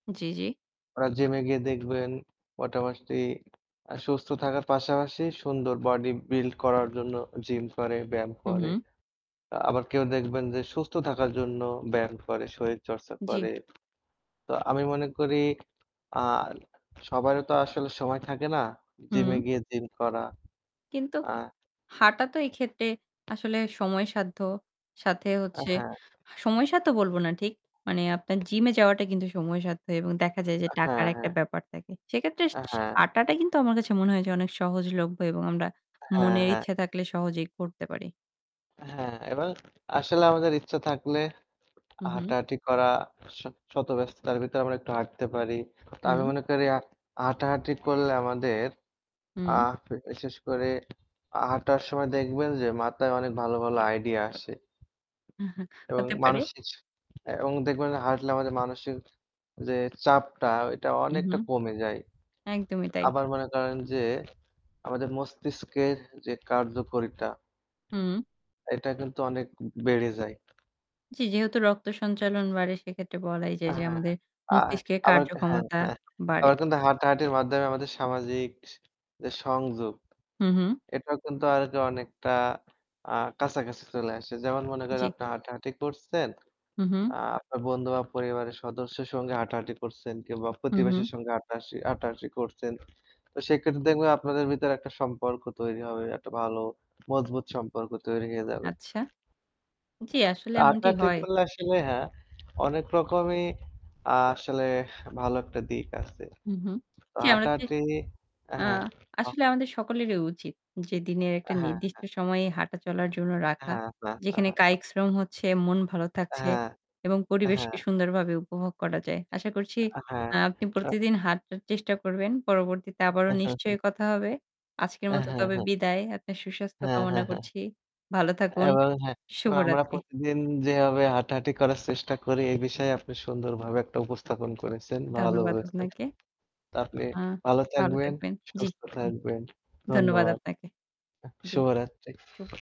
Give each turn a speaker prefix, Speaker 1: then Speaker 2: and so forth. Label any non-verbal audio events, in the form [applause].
Speaker 1: জ্বী, জ্বী।
Speaker 2: ওরা জিমে গিয়ে দেখবেন মোটামুটি আ সুস্থ থাকার পাশাপাশি সুন্দর বডি বিল্ড করার জন্য জিম করে, ব্যায়াম
Speaker 1: হুম,
Speaker 2: করে।
Speaker 1: হুম।
Speaker 2: আবার কেউ দেখবেন যে সুস্থ থাকার জন্য ব্যায়াম করে, শরীর চর্চা
Speaker 1: জ্বী।
Speaker 2: করে। তো আমি মনে করি আ সবারও তো আসলে সময় থাকে না জিমে
Speaker 1: হুম।
Speaker 2: গিয়ে জিম করা।
Speaker 1: কিন্তু
Speaker 2: আ
Speaker 1: হাঁটা তো এক্ষেত্রে আসলে সময় সাধ্য। সাথে
Speaker 2: আ
Speaker 1: হচ্ছে
Speaker 2: হ্যাঁ।
Speaker 1: সময় সাধ্য বলব না ঠিক। মানে আপনার জিমে যাওয়াটা কিন্তু সময় সাধ্য এবং দেখা যায় যে
Speaker 2: আ
Speaker 1: টাকার
Speaker 2: হ্যাঁ,
Speaker 1: একটা
Speaker 2: হ্যাঁ।
Speaker 1: ব্যাপার থাকে। সেক্ষেত্রে
Speaker 2: আ
Speaker 1: সি
Speaker 2: হ্যাঁ।
Speaker 1: হাঁটাটা কিন্তু আমার কাছে মনে হয় যে, অনেক সহজলভ্য এবং আমরা
Speaker 2: আ হ্যাঁ,
Speaker 1: মনের
Speaker 2: হ্যাঁ।
Speaker 1: ইচ্ছা থাকলে সহজেই করতে পারি।
Speaker 2: হ্যাঁ এবং আসলে আমাদের ইচ্ছা থাকলে
Speaker 1: হুম, হুম।
Speaker 2: হাঁটাহাঁটি করা শ শতব্যস্ততার ভিতরে আমরা একটু হাঁটতে পারি। তো আমি
Speaker 1: হুম।
Speaker 2: মনে করি আর হাঁটাহাঁটি করলে আমাদের আ
Speaker 1: হুম।
Speaker 2: বিশেষ করে আ হাঁটার সময় দেখবেন যে মাথায় অনেক ভালো, ভালো আইডিয়া আসে। এবং
Speaker 1: হতে পারে।
Speaker 2: মানসিক এবং দেখবেন হাটলে আমাদের মানসিক যে চাপটা ওইটা
Speaker 1: হুম,
Speaker 2: অনেকটা
Speaker 1: হুম
Speaker 2: কমে যায়।
Speaker 1: একদমই তাই।
Speaker 2: আবার মনে করেন যে আমাদের মস্তিষ্কের যে কার্যকারিতা
Speaker 1: হুম।
Speaker 2: এটা কিন্তু অনেক বেড়ে যায়।
Speaker 1: জ্বী, যেহেতু রক্ত সঞ্চালন বাড়ে সেক্ষেত্রে বলাই
Speaker 2: আ
Speaker 1: যায় যে
Speaker 2: হ্যাঁ, হ্যাঁ,
Speaker 1: আমাদের
Speaker 2: আ
Speaker 1: মস্তিষ্কের
Speaker 2: আবার হ্যাঁ,
Speaker 1: কার্যক্ষমতা
Speaker 2: হ্যাঁ
Speaker 1: বাড়ে।
Speaker 2: আবার কিন্তু হাঁটাহাঁটির মাধ্যমে আমাদের সামাজিক সি যে সংযোগ
Speaker 1: হুম, হুম।
Speaker 2: এটাও কিন্তু আগে অনেকটা আ কাছাকাছি চলে আসে। যেমন মনে করেন যে
Speaker 1: জ্বী।
Speaker 2: আপনার হাঁটাহাঁটি করছেন,
Speaker 1: হুম, হুম।
Speaker 2: আ আপনার বন্ধু বা পরিবারের সদস্যের সঙ্গে হাঁটাহাঁটি করছেন কিংবা
Speaker 1: হুম, হুম।
Speaker 2: প্রতিবেশীর সঙ্গে হাঁটাহাটি হাঁটা-হাটি করছেন। তো সেক্ষেত্রে দেখবেন আপনাদের ভিতর একটা সম্পর্ক তৈরি হবে। একটা ভালো মজবুত সম্পর্ক তৈরি হয়ে যাবে।
Speaker 1: আচ্ছা। জ্বী, আসলে
Speaker 2: তো
Speaker 1: এমনটি
Speaker 2: হাটা-হাটি
Speaker 1: হয়।
Speaker 2: করলে আসলে হ্যাঁ অনেক রকমই আ আসলে ভালো একটা দিক আছে।
Speaker 1: হুম, হুম।
Speaker 2: তো
Speaker 1: জ্বী, আমরা যে
Speaker 2: হাটা-হাটি অ্যাঁ
Speaker 1: আ
Speaker 2: হ্যাঁ। হ
Speaker 1: আসলে আমাদের সকলেরই উচিত যে দিনের
Speaker 2: আ
Speaker 1: একটা
Speaker 2: হ্যাঁ,
Speaker 1: নির্দিষ্ট
Speaker 2: হ্যাঁ।
Speaker 1: সময়ে হাঁটা চলার জন্য রাখা। যেখানে
Speaker 2: [chuckles]
Speaker 1: কায়িক শ্রম হচ্ছে, মন ভালো
Speaker 2: আ
Speaker 1: থাকছে
Speaker 2: হ্যাঁ,
Speaker 1: এবং
Speaker 2: আ হ্যাঁ।
Speaker 1: পরিবেশকে সুন্দরভাবে উপভোগ করা যায়। আশা করছি
Speaker 2: আ হ্যাঁ।
Speaker 1: আ আপনি
Speaker 2: আ
Speaker 1: প্রতিদিন হাঁটার চেষ্টা করবেন। পরবর্তীতে আবারও নিশ্চয়ই
Speaker 2: [chuckles]
Speaker 1: কথা হবে। আজকের
Speaker 2: আ
Speaker 1: মত
Speaker 2: হ্যাঁ,
Speaker 1: তবে
Speaker 2: হ্যাঁ।
Speaker 1: বিদায়। আপনার সুস্বাস্থ্য
Speaker 2: হ্যাঁ,
Speaker 1: কামনা
Speaker 2: হ্যাঁ, হ্যাঁ।
Speaker 1: করছি। ভালো থাকুন।
Speaker 2: এবং হ্যাঁ, তো আমরা
Speaker 1: শুভরাত্রি।
Speaker 2: প্রতিদিন যেভাবে হাঁটাহাঁটি করার চেষ্টা করি এ বিষয়ে আপনি সুন্দরভাবে একটা উপস্থাপন করেছেন। ভালো
Speaker 1: ধন্যবাদ
Speaker 2: করেছেন।
Speaker 1: আপনাকে।
Speaker 2: তো আপনি
Speaker 1: আ
Speaker 2: ভালো
Speaker 1: ভালো
Speaker 2: থাকবেন,
Speaker 1: থাকবেন। জ্বী,
Speaker 2: সুস্থ থাকবেন।
Speaker 1: ধন্যবাদ
Speaker 2: ধন্যবাদ।
Speaker 1: আপনাকে।
Speaker 2: আহ
Speaker 1: জ্বী, চুপ।
Speaker 2: শুভরাত্রি।